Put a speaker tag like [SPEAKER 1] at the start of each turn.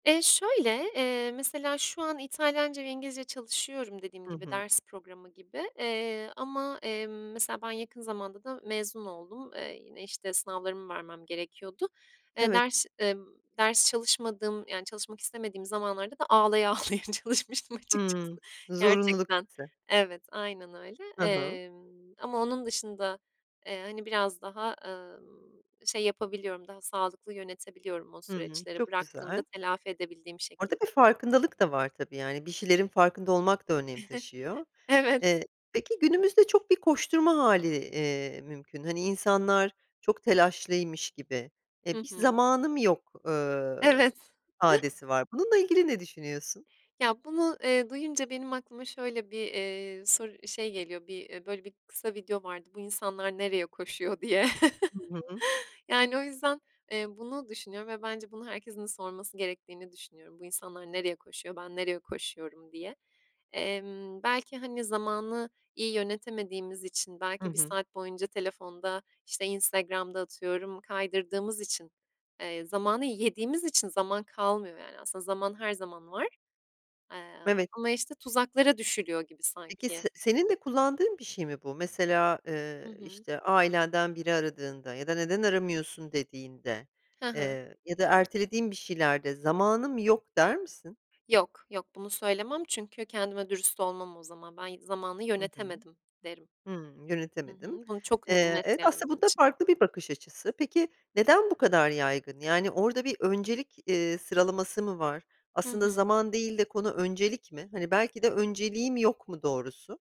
[SPEAKER 1] Eee, şöyle: Eee, mesela şu an İtalyanca ve İngilizce çalışıyorum dediğim
[SPEAKER 2] Hı
[SPEAKER 1] gibi
[SPEAKER 2] hı.
[SPEAKER 1] ders programı gibi, eee, ama, emm, mesela ben yakın zamanda da mezun oldum. Eee, yine, işte, sınavlarımı vermem gerekiyordu. Eee,
[SPEAKER 2] Evet.
[SPEAKER 1] ders, eee, ders çalışmadığım, yani çalışmak istemediğim zamanlarda da ağlaya ağlaya çalışmıştım açıkçası.
[SPEAKER 2] Hıı. Zorunluluk
[SPEAKER 1] Gerçekten
[SPEAKER 2] hissi.
[SPEAKER 1] Evet, aynen öyle.
[SPEAKER 2] Hı hı.
[SPEAKER 1] Emm, ama onun dışında, eee, hani biraz daha, ımm, şey yapabiliyorum, daha sağlıklı yönetebiliyorum o
[SPEAKER 2] Hıı,
[SPEAKER 1] süreçleri
[SPEAKER 2] çok
[SPEAKER 1] bıraktığımda
[SPEAKER 2] güzel.
[SPEAKER 1] telafi edebildiğim
[SPEAKER 2] Orada
[SPEAKER 1] şekilde.
[SPEAKER 2] bir farkındalık da var, tabii, yani, bir şeylerin farkında olmak da önem taşıyor.
[SPEAKER 1] Evet.
[SPEAKER 2] Eee, peki günümüzde çok bir koşturma hâli, iii, mümkün. Hani insanlar çok telaşlıymış gibi e,
[SPEAKER 1] Hı
[SPEAKER 2] "bir
[SPEAKER 1] hı.
[SPEAKER 2] zamanım yok," eee,
[SPEAKER 1] Evet.
[SPEAKER 2] ifadesi var. Bununla ilgili ne düşünüyorsun?
[SPEAKER 1] Ya bunu, eee, duyunca benim aklıma şöyle bir, eee, sor şey geliyor: Bir, eee, böyle bir kısa video vardı. Bu insanlar nereye koşuyor diye.
[SPEAKER 2] Hı hı.
[SPEAKER 1] Yani o yüzden, eee, bunu düşünüyorum ve bence bunu herkesin sorması gerektiğini düşünüyorum. "Bu insanlar nereye koşuyor, ben nereye koşuyorum?" diye. Emm, belki, hani, zamanı iyi yönetemediğimiz için
[SPEAKER 2] Hı
[SPEAKER 1] belki 1
[SPEAKER 2] hı.
[SPEAKER 1] saat boyunca telefonda, işte, Instagram'da atıyorum kaydırdığımız için, eee, zamanı yediğimiz için zaman kalmıyor yani. Aslında zaman her zaman var, eee,
[SPEAKER 2] Evet.
[SPEAKER 1] ama, işte, tuzaklara düşülüyor gibi
[SPEAKER 2] Peki
[SPEAKER 1] sanki.
[SPEAKER 2] se senin de kullandığın bir şey mi bu? Mesela,
[SPEAKER 1] Hı
[SPEAKER 2] eee,
[SPEAKER 1] hı.
[SPEAKER 2] işte, ailenden biri aradığında ya da neden aramıyorsun dediğinde,
[SPEAKER 1] Hı hı.
[SPEAKER 2] eee, ya da ertelediğin bir şeylerde "zamanım yok" der misin?
[SPEAKER 1] Yok, yok, bunu söylemem çünkü kendime dürüst olmam o zaman. "Ben ı zamanı
[SPEAKER 2] Hı hı.
[SPEAKER 1] yönetemedim." derim.
[SPEAKER 2] Hıı
[SPEAKER 1] Hı
[SPEAKER 2] yönetemedin.
[SPEAKER 1] hı, bunu çok
[SPEAKER 2] Eee,
[SPEAKER 1] net,
[SPEAKER 2] evet,
[SPEAKER 1] yani,
[SPEAKER 2] aslında
[SPEAKER 1] benim
[SPEAKER 2] bu da
[SPEAKER 1] için.
[SPEAKER 2] farklı bir bakış açısı. Peki neden bu kadar yaygın? Yani orada bir öncelik, eee, sıralaması mı var?
[SPEAKER 1] Hı
[SPEAKER 2] Aslında
[SPEAKER 1] hı.
[SPEAKER 2] zaman değil de konu öncelik mi? Hani belki de önceliğim yok mu doğrusu?